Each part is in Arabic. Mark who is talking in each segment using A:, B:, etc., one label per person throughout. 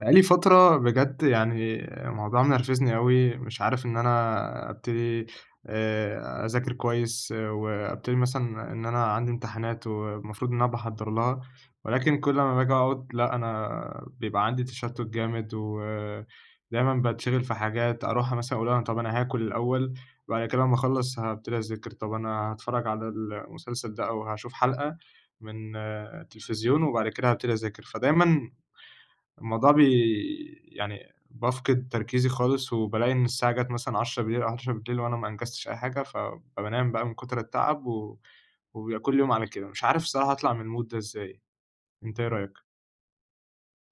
A: بقى لي فترة بجد، يعني، الموضوع منرفزني أوي، مش عارف إن أنا أبتدي آآ، أذاكر كويس، وأبتدي مثلًا إن أنا عندي امتحانات والمفروض إن أنا باحضَّر لها، ولكن كل ما باجي أقعد، لأ أنا بيبقى عندي تشتت جامد، ودايمًا باتشغِل في حاجات، أروح مثلًا أقول طب أنا هاكل الأول، وبعد كده لما أخلّص هابتدي أذاكر، طب أنا هاتفرج على المسلسل ده أو هاشوف حلقة من التلفزيون، وبعد كده هابتدي أذاكر، فدايمًا الموضوع بي يعني، بافقد تركيزي خالص، وبالاقي إن الساعة جَت مثلًا 22:00 أو 23:00 وأنا ما أنجزتش أي حاجة، ف فبانام بقى من كُتر التَّعب، و وبيبقى كل يوم على كده، مش عارف الصراحة أطلَع من المود ده إزاي، أنت إيه رأيك؟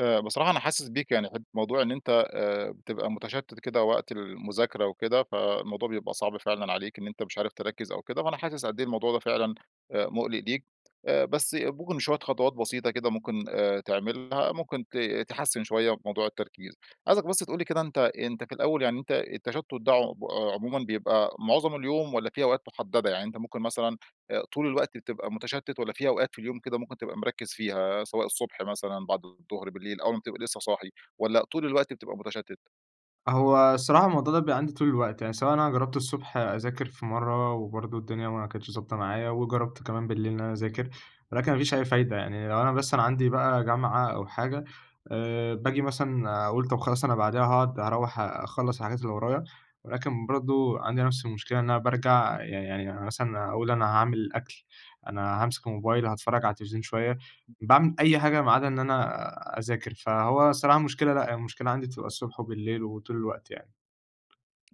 B: آآ، بصراحة أنا حاسس بيك، يعني ح موضوع إن أنت آآ، بتبقى متشتت كده وقت المذاكرة وكده، فالموضوع بيبقى صعب فعلًا عليك إن أنت مش عارف تركز أو كده، فأنا حاسس قدّ إيه الموضوع ده فعلًا آآ مُقلِق ليك، بس ممكن شوية خطوات بسيطة كده ممكن تعملها، ممكن ت تحسِّن شوية موضوع التركيز. عايزك بس تقول لي كده أنت أنت في الأول، يعني أنت التشتت ده عم عمومًا بيبقى معظم اليوم والّا فيه أوقات محددة؟ يعني أنت ممكن مثلًا طول الوقت بتبقى متشتت، والّا في أوقات في اليوم كده ممكن تبقى مركِّز فيها، سواء الصبح مثلًا، بعد الضُهر، بالليل، أول ما بتبقى لسه صاحي، والّا طول الوقت بتبقى متشتت؟
A: هو الصراحة الموضوع ده بيبقى عندي طول الوقت، يعني سواء أنا جربت الصبح أذاكر في مرة، وبرضه الدنيا ما كانتش ضابطة معايا، وجربت كمان بالليل إن أنا أذاكر، ولكن ما فيش أي فايدة. يعني لو أنا بس أنا عندي بقى جامعة أو حاجة، آآ باجي مثلًا أقول طب خلاص أنا بعديها هاقعد هاروّح أ أخلّص حاجات اللي ورايا، ولكن برضه عندي نفس المشكلة، إن أنا بارجع يعني يعني أنا مثلًا أقول أنا هاعمل أكل، أنا هامسك الموبايل، هاتفرج على التلفزيون شوية، باعمل أي حاجة ما عدا إن أنا أذاكر، فهو الصراحة مشكلة لأ، هي المشكلة عندي بتبقى الصبح وبالليل وطول الوقت يعني.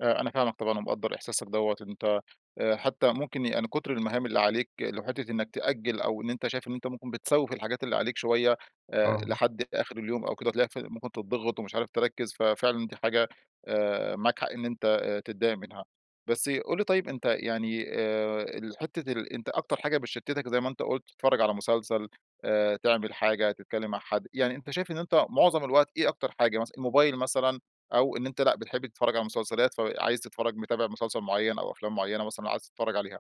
B: آآ أنا فاهمك طبعًا ومقدّر إحساسك دوّة، أنت آآ حتى ممكن يعني كتر المهام اللي عليك لو حِتة إنك تأجل، أو إن أنت شايف إن أنت ممكن بتسوّف الحاجات اللي عليك شوية، آآ
A: آه.
B: لحد آخر اليوم أو كده وتلاقيك في ممكن تضّغِط ومش عارف تركِّز، ففعلًا دي حاجة آآ معاك حق إن أنت آآ تضايق منها. بس قُل لي طيب أنت يعني آآ الحتة ال أنت أكتر حاجة بتشتتك زي ما أنت قلت، تتفرج على مسلسل، آآ تعمل حاجة، تتكلم مع حد، يعني أنت شايف إن أنت معظم الوقت إيه أكتر حاجة مثلًا، الموبايل مثلًا، أو إن أنت لأ بتحب تتفرج على المسلسلات، فعايز تتفرج متابع مسلسل معيّن أو أفلام معينة مثلًا عايز تتفرج عليها؟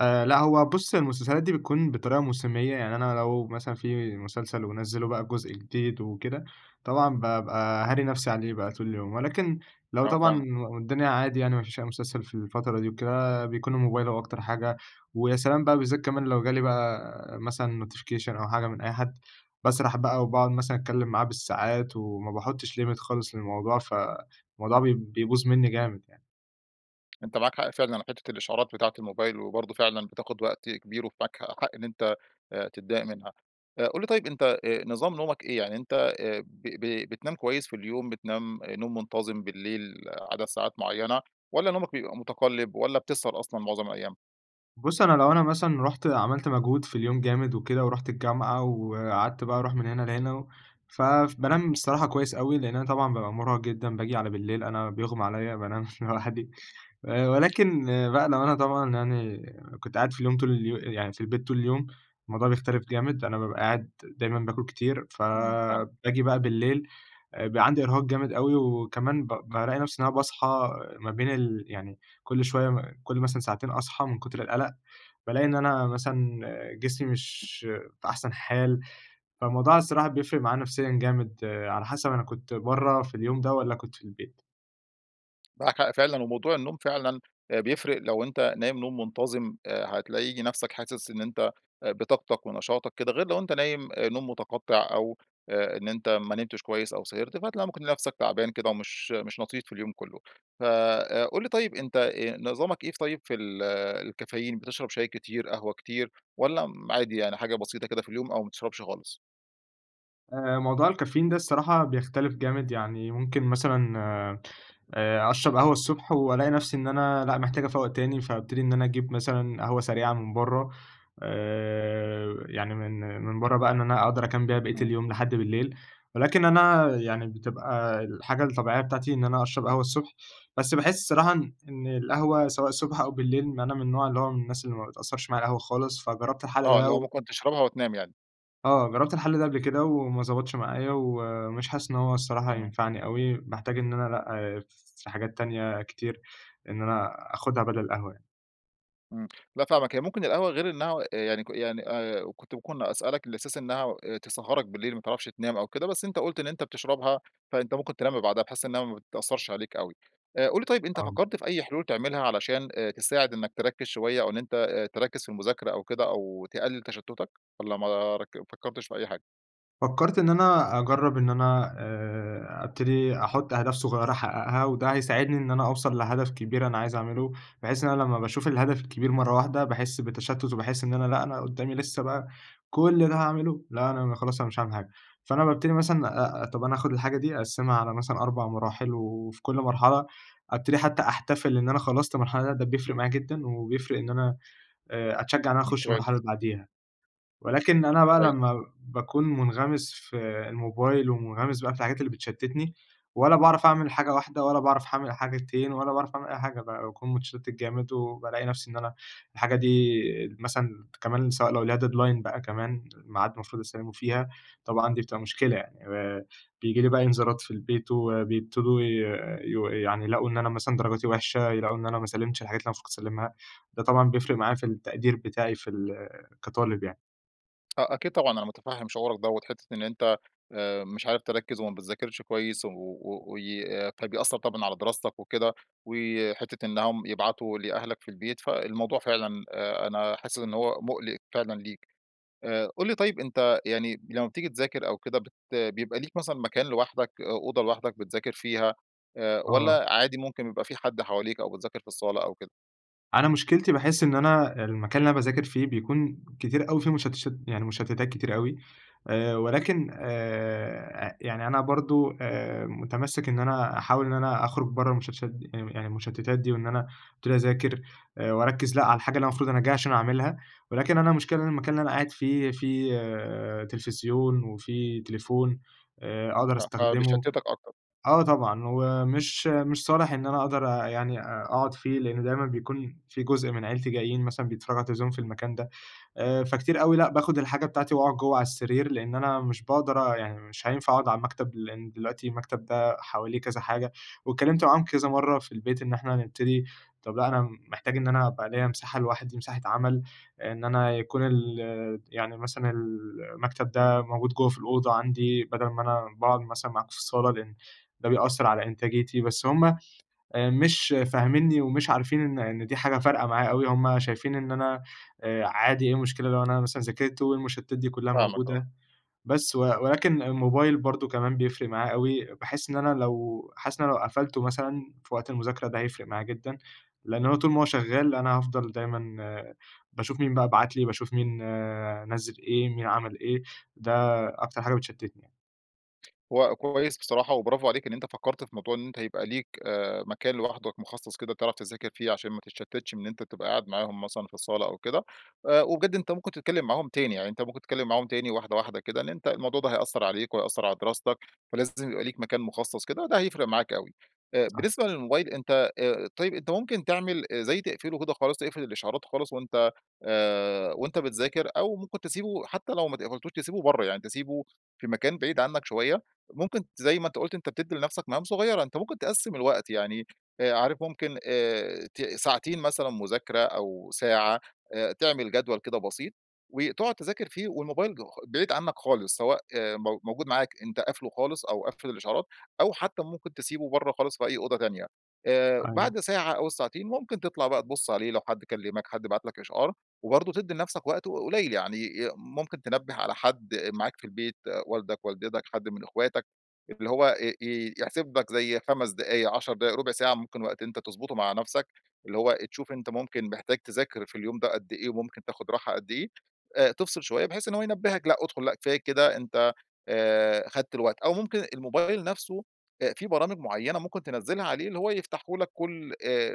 A: آآ لأ، هو بُص هي المسلسلات دي بتكون بطريقة موسمية، يعني أنا لو مثلًا في مسلسل ونَزِّلوا بقى جزء جديد وكده، طبعًا بابقى هاري نفسي عليه بقى طول اليوم، ولكن لو
B: آه
A: طبعًا
B: فاهمك.
A: والدنيا عادي يعني ما فيش أي مسلسل في الفترة دي وكده، بيكون الموبايل هو أكتر حاجة، ويا سلام بقى بالذات كمان لو جالي بقى مثلًا notification أو حاجة من أي حد، باسرح بقى وباقعُد مثلًا أتكلم معاه بالساعات، وما باحطش limit خالص للموضوع، فالموضوع بي بيبوظ مني جامد يعني.
B: أنت معاك حق فعلًا حتة الإشعارات بتاعة الموبايل، وبرضه فعلًا بتاخد وقت كبير، ومعاك حق إن أنت آآ تتضايق منها، آآ قُل لي طيب أنت آآ نظام نومك إيه؟ يعني أنت آآ ب ب بتنام كويس في اليوم، بتنام نوم منتظم بالليل عدد ساعات معيّنة، والّا نومك بيبقى مُتقلب، والّا بتسهر أصلًا معظم الأيام؟
A: بُص أنا لو أنا مثلًا رُحت عملت مجهود في اليوم جامد وكده، ورُحت الجامعة وقعدت بقى أروح من هنا لهنا، و ف فبانام بصراحة كويس أوي، لأن أنا طبعًا بابقى مرهق جدًا، باجي على بالليل أنا بيُغمى عليَّ بانام لوحدي. آآ ولكن بقى لو أنا طبعًا يعني كنت قاعد في اليوم طول اليو يعني في البيت طول اليوم، الموضوع بيختلف جامد، أنا بابقى قاعد دايمًا باكل كتير،
B: إمم فَاهمك.
A: فباجي بقى بالليل بيبقى عندي إرهاق جامد أوي، وكمان ب بالاقي نفسي إن أنا باصحى ما بين ال يعني كل شوية م كل مثلًا ساعتين أصحى من كتر القلق، بالاقي إن أنا مثلًا جسمي مش في أحسن حال، فالموضوع الصراحة بيفرق معايا نفسيًا جامد، على حسب أنا كنت برا في اليوم ده، والّا كنت في البيت.
B: معاكَ حق فعلًا، وموضوع النوم فعلًا آآ بيفرق، لو أنت نايم نوم منتظم آآ هتلاقي نفسك حاسس إن أنت آآ بطاقتك ونشاطك كده، غير لو أنت نايم آآ نوم متقطع، أو آآ إن أنت ما نمتش كويّس، أو سهرت. فهتلاقي ممكن نفسك تعبان كده ومش مش لطيف في اليوم كلّه. فآآ قُل لي طيّب أنت آآ نظامك إيه ف طيّب في ال الكافيين، بتشرب شاي كتير، قهوة كتير، والّا م عادي يعني حاجة بسيطة كده في اليوم، أو ما تشربش خالص؟
A: آآ، موضوع الكافيين ده الصراحة بيختلف جامد، يعني ممكن مثلًا، آآ أشرب قهوة الصبح وألاقي نفسي إن أنا لأ، محتاج أفوّق تاني، فابتدي إن أنا أجيب مثلًا قهوة سريعة من برّه. آآ يعني من من برّه بقى إن أنا أقدر أكمّل بيها باقية
B: إمم.
A: اليوم لحد بالليل، ولكن أنا يعني بتبقى الحاجة الطبيعية بتاعتي إن أنا أشرب قهوة الصبح، بس باحس الصراحة إن إن القهوة سواء الصبح أو بالليل، أنا من النوع اللي هو من الناس اللي ما بتأثرش معايا القهوة خالص، فجربت الحل
B: آه
A: ده
B: اللي هو
A: و
B: ممكن تشربها وتنام يعني.
A: آه، جرّبت الحل ده قبل كده وما ضبطش معايا، ومش حاسس إن هو الصراحة
B: آه.
A: هينفعني أوي. باحتاج إن أنا لأ، في حاجات تانية كتير إن أنا آخدها بدل القهوة يعني.
B: إمم، لأ فاهمك، هي ممكن القهوة غير إنها يعني ك يعني آآ، كنت ممكن أسألك على أساس إنها تسهَّرك بالليل، ما تعرفش تنام أو كده، بس أنت قُلت إن أنت بتشربها، فأنت ممكن تنام بعدها، بحيث إنها ما بتأثرش عليك أوي. قُل لي طيب، أنت
A: آه.
B: فكَّرت في أي حلول تعملها علشان أ تساعد إنك تركِّز شوية أو إن أنت أ تركِّز في المذاكرة أو كده أو تقلِّل تشتُّتك، والّا ما رك فكرتش في أي حاجة؟
A: فكَّرت إن أنا، أجرَّب إن أنا، آآ ابتدي أحُط أهداف صغيرة أحقَّقها، وده هيساعدني إن أنا أوصَل لهدف كبير أنا عايز أعمله، بحيث إن أنا لما باشوف الهدف الكبير مرة واحدة، باحس بتشتُّت وباحس إن أنا، لأ، أنا قُدامي لسّه بقى، كل ده هاعمله! لأ، أنا خلاص، أنا مش هاعمل حاجة، فأنا بابتدي مثلًا، أ أ طب أنا آخد الحاجة دي أقسِّمها على مثلًا 4 مراحل، وفي كل مرحلة، ابتدي حتى أحتفل إن أنا خلَّصت مرحلة، ده ده بيفرِق معايا جدًا و بيفرِق إن أنا آآ، أتشجَّع إن أنا
B: امم،
A: أخش المرحلة
B: كويس.
A: اللي بعديها، ولكن أنا بقى
B: كويس.
A: لما باكون مُنغمِس في الموبايل ومُنغمِس بقى في الحاجات اللي بتشتِّتني، ولا باعرف أعمل حاجة واحدة ولا باعرف أعمل حاجتين ولا باعرف أعمل أي حاجة بقى، باكون متشتِّت جامد وبالاقي نفسي، إن أنا الحاجة دي مثلًا كمان سواء لو ليها deadline بقى كمان ميعاد المفروض أسلِّمه فيها، طبعًا دي بتبقى مشكلة يعني. آآ بييجي لي بقى إنذارات في البيت وبيبتدوا ي يو يعني يلاقوا إن أنا مثلًا، درجاتي وحشة، يلاقوا إن أنا ما سلِّمتش الحاجات اللي أنا المفروض كنت أسلِّمها، ده طبعًا بيفرِق معايا في التقدير بتاعي في ال كطالب يعني.
B: آه أكيد طبعًا، أنا مُتفهّم شعورك دوّة، حتة إن أنت آآ، مش عارف تركّز وما بتذاكرش كويس، و و و ي أ طيب بيأثّر طبعًا على دراستك وكده، وحتة إنهم يبعتوا لأهلك في البيت، فالموضوع فعلًا أ أنا حاسس إن هو مُقلِق فعلًا ليك. آآ، قُل لي طيب أنت يعني، لما بتيجي تذاكر أو كده بت بيبقى ليك مثلًا مكان لوحدك أ أوضة لوحدك بتذاكر فيها، آآ
A: آه.
B: والّا عادي ممكن بيبقى في حد حواليك أو بتذاكر في الصالة أو كده؟
A: أنا مشكلتي باحس إن أنا المكان اللي أنا باذاكر فيه بيكون كتير أوي في مشتشت يعني مشتتات كتير أوي. آآ، ولكن آآ، أ يعني أنا برضو آآ، مُتمَسك إن أنا أحاول إن أنا أخرج برّه المشتشت دي، يعني م أ يعني المشتتات دي، وإن أبتدي اذاكر آآ، واركّز لأ على الحاجة اللي مفروض أنا جاي عشان أعملها، ولكن أنا المشكلة إن المكان اللي أنا قاعد فيه في تلفزيون، وفيه تليفون آآ، أقدر
B: آه،
A: أستخدمه،
B: فبيشتِتك أكتر.
A: آه طبعًا، ومش مش صالِح إن أنا أقدر أ يعني أ أقعُد فيه، لإن دايمًا بيكون في جزء من عيلتي جايين مثلًا بيتفرّجوا على التلفزيون في المكان ده. آآ، فكتير أوي لأ، باخد الحاجة بتاعتي وأقعُد جوّا على السرير، لإن أنا مش بأقدر أ يعني مش هينفع أقعُد على المكتب، لإن دلوقتي المكتب ده حواليه كذا حاجة، واتكلّمت معاهم كذا مرّة في البيت إن إحنا هنبتدي طب لأ، أنا محتاج إن أنا أبقى ليَّ مساحة لوحدي، مساحة عمل، إن أنا يكون الت يعني مثلًا المكتب ده موجود جوّا في الأوضة عندي، بدل ما أنا باقعُد مثلًا معاكم في الصالة، لإن ده بيأثّر على إنتاجِيتي، بس همّ آآ، مش فاهمينني ومش عارفين إن إن دي حاجة فارقة معايا أوي، همّ شايفين إن أنا آآ، عادي إيه المشكلة لو أنا مثلًا ذاكرت والمشتتات دي كلها
B: فاهمك آه.
A: موجودة؟ بس و ولكن الموبايل برضو كمان بيفرِق معايا أوي، باحس إن أنا لو حاسس إن أنا لو قَفلته مثلًا في وقت المذاكرة ده هيفرِق معايا جدًا، لإن هو طول ما هو شغال أنا هافضل دايمًا باشوف مين بقى بعت لي، باشوف مين نزّل إيه، مين عمل إيه، ده أكتر حاجة بتشتتني يعن
B: هو كويس بصراحة، وبرافو عليك إن أنت فكرت في موضوع إن أنت يبقى ليك آآ، مكان لوحدك مخصص كده تعرف تذاكر فيه عشان ما تتشتتش، إن أنت تبقى قاعد معاهم مثلًا في الصالة أو كده. آآ، وبجد أنت ممكن تتكلم معاهم تاني، يعني أنت ممكن تتكلم معاهم تاني واحدة واحدة كده إن أنت الموضوع ده هيأثر عليك وهيأثر على دراستك، فلازم يبقى ليك مكان مخصص كده، ده هيفرق معاك أوي. آآ،
A: صح.
B: بالنسبة للموبايل أنت آآ، طيّب، أنت ممكن تعمل زي تقفله كده خالص، تقفل الإشعارات خالص وأنت آآ، وأنت بتذاكر، أو ممكن تسيبه حتى لو ما ت قفلتوش، تسيبه برّه يعني، تسيبه في مكان بعيد عنك شوية. ممكن زي ما أنت قُلت أنت بتدّي لنفسك مهام صغيّرة، أنت ممكن تقسّم الوقت يعني، آآ عارف ممكن آآ، ت ساعتين مثلًا مذاكرة أو ساعة، آآ، تعمل جدول كده بسيط وتقعد تذاكر فيه، والموبايل خ بعيد عنك خالص، سواء آآ، مو موجود معاك أنت قافله خالص أو قافل الإشعارات، أو حتى ممكن تسيبه برّه خالص في أي أوضة تانية. آآ،
A: أيوه.
B: بعد ساعة أو الساعتين ممكن تطلع بقى تُبص عليه لو حد كلمك، حد بعت لك إشعار، وبرضو تدّي لنفسك وقت ق قليل يعني، آآ ممكن تنبه على حد معاك في البيت، والدك، والدتك، حد من أخواتك، اللي هو ي ي يحسب لك زي 5 دقايق، 10 دقايق، ربع ساعة، ممكن وقت أنت تضبطه مع نفسك، اللي هو آآ تشوف أنت ممكن محتاج تذاكر في اليوم ده قدّ إيه وممكن تاخد راحة قدّ إيه. آآ، تفصل شوية بحيث إن هو ينبّهك: لأ أدخل، لأ كفاياك كده، أنت آآ، خدت الوقت، أو ممكن الموبايل نفسه، آآ، فيه برامج معينة ممكن تنزلها عليه، اللي هو يفتحه لك كل آآ،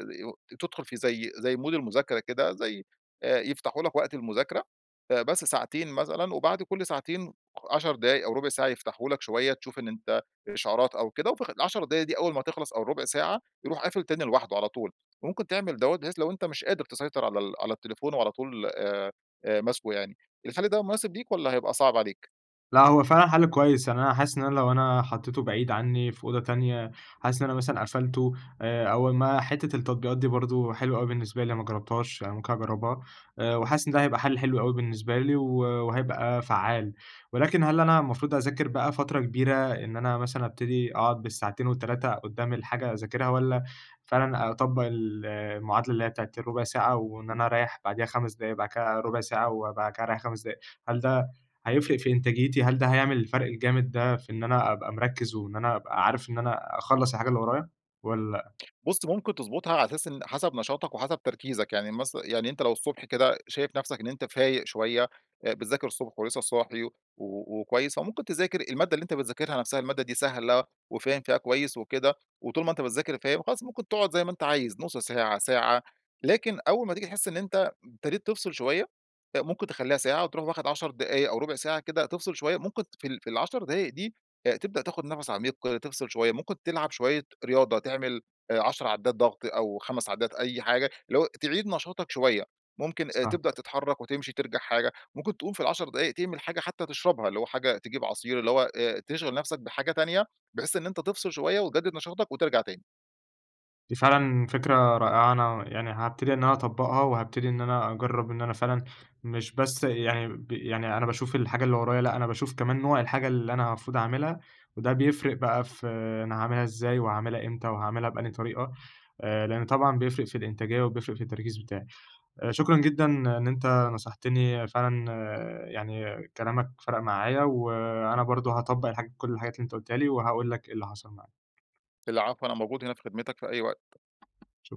B: تدخل في زي زي مود المذاكرة كده، زي آآ، يفتحه لك وقت المذاكرة آآ بس ساعتين مثلًا، وبعد كل ساعتين خ 10 دقايق أو ربع ساعة يفتحه لك شوية تشوف إن أنت إشعارات أو كده، وفي خ ال10 دقايق دي أول ما هتخلص أو الربع ساعة يروح قافل تاني لوحده على طول، وممكن تعمل دوّة بحيث لو أنت مش قادر تسيطر على ال على التليفون وعلى طول آآ آآ ماسكه يعني، الحل ده مناسب ليك والّا هيبقى صعب عليك؟
A: لأ هو فعلًا حل كويس، يعني أنا حاسس إن أنا لو أنا حطيته بعيد عني في أوضة تانية، حاسس إن أنا مثلًا قفلته آآ أول ما حتة التطبيقات دي برضه حلوة أوي بالنسبة لي، أنا ما جربتهاش أنا ممكن أجربها، آآ وحاسس إن ده هيبقى حل حلو أوي بالنسبة لي، و وهيبقى فعّال. ولكن هل أنا المفروض أذاكر بقى فترة كبيرة، إن أنا مثلًا أبتدي أقعد بالساعتين وال3 قدّام الحاجة أذاكرها، والّا فعلًا أطبّق ال المعادلة اللي هي بتاعة الرُبع ساعة، وإن أنا أريّح بعديها 5 دقايق، بعد كده رُبع ساعة، وبعد كده أريّح 5 دقايق، هل ده هيفرِق في إنتاجيتي؟ هل ده هيعمل الفرق الجامد ده في إن أنا أبقى مركِّز، وإن أنا أبقى عارف إن أنا أخلَّص الحاجة اللي ورايا والّا؟
B: بُص ممكن تضبُطها على أساس إن حسب نشاطك وحسب تركيزك، يعني مث يعني أنت لو الصبح كده شايف نفسك إن أنت فايق شوية، آآ بتذاكر الصبح ولسه صاحي و وكويس فممكن تذاكر، المادة اللي أنت بتذاكرها نفسها المادة دي سهلة وفاهم فيها كويس وكده، وطول ما أنت بتذاكر فاهم، خلاص ممكن تقعد زي ما أنت عايز نُص ساعة، ساعة، لكن أول ما تيجي تحس إن أنت ابتديت تفصِل شوية، آآ ممكن تخلّيها ساعة وتروح واخد 10 دقايق أو رُبع ساعة كده تفصِل شوية، ممكن في ال في ال10 دقايق دي آآ تبدأ تاخد نفس عميق تفصِل شوية، ممكن تلعب شوية رياضة تعمل آآ 10 عدّات ضغط، أو 5 عدّات أي حاجة، اللي هو تعيد نشاطك شوية، ممكن
A: صح.
B: تبدأ تتحرك وتمشي ترجَع حاجة، ممكن تقوم في ال10 دقايق تعمل حاجة حتى تشربها، اللي هو حاجة تجيب عصير، اللي هو آآ تشغِل نفسك بحاجة تانية، بحيث إن أنت تفصِل شوية وتجدد نشاطك وترجَع تاني.
A: دي فعلًا فكرة رائعة أنا يعني هابتدي إن أنا أطبّقها، وهابتدي إن أنا أجرّب إن أنا فعلًا مش بس يعني ب يعني أنا باشوف الحاجة اللي ورايا، لأ أنا باشوف كمان نوع الحاجة اللي أنا مفروض أعملها، وده بيفرِق بقى في أنا هاعملها إزاي، وهاعملها إمتى، وهاعملها بأنهي طريقة، آآ لأن طبعًا بيفرِق في الإنتاجية و بيفرٍق في التركيز بتاعي. آآ شكرًا جدًا إن أنت نصحتني فعلًا، يعني كلامك فرَق معايا، وأنا برضه هاطبق الحاج كل الحاجات اللي أنت قلتها لي وهاقول لك إيه اللي حصَل معايا.
B: العفو، أنا موجود هنا في خدمتك في أي وقت.
A: شك